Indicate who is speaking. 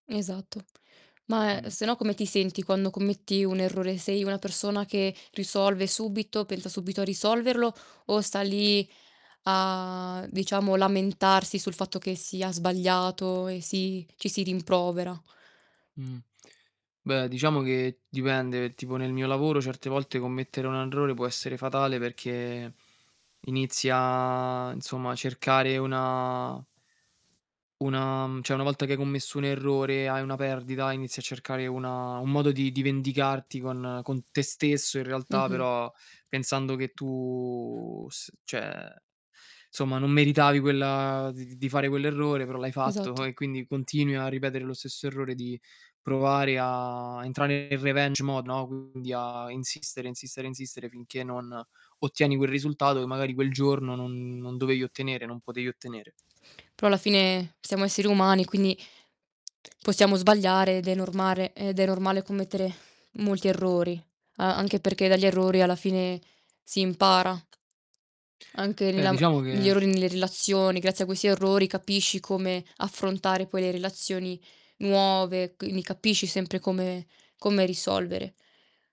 Speaker 1: Esatto. Ma, ehm,
Speaker 2: Mh.
Speaker 1: se no come ti senti quando commetti un errore, sei una persona che risolve subito, pensa subito a risolverlo o sta lì a diciamo lamentarsi sul fatto che sia sbagliato e si ci si rimprovera?
Speaker 2: Mh. Beh diciamo che dipende, tipo nel mio lavoro certe volte commettere un errore può essere fatale perché inizia, insomma, a cercare una una mhmm, cioè una volta che hai commesso un errore e hai una perdita, inizi a cercare una un modo di di vendicarti con con te stesso in realtà,
Speaker 1: Mh-mh.
Speaker 2: però pensando che tu s cioè somma non meritavi quella di di di fare quell'errore però l'hai fatto
Speaker 1: Esatto.
Speaker 2: e quindi continui a ripetere lo stesso errore di provare a entrare nel revenge mode, no, quindi a insistere, insistere, insistere finché non ottieni quel risultato, che magari quel giorno non non dovevi ottenere non potevi ottenere.
Speaker 1: Però alla fine siamo esseri umani quindi possiamo sbagliare ed è normare ed è normale commettere molti errori. A anche perché dagli errori alla fine si impara. Anche
Speaker 2: Beh
Speaker 1: nella m
Speaker 2: diciamo
Speaker 1: negli
Speaker 2: che
Speaker 1: errori nelle relazioni, grazie a questi errori capisci come affrontare poi le relazioni nuove, c lì capisci sempre come come risolvere.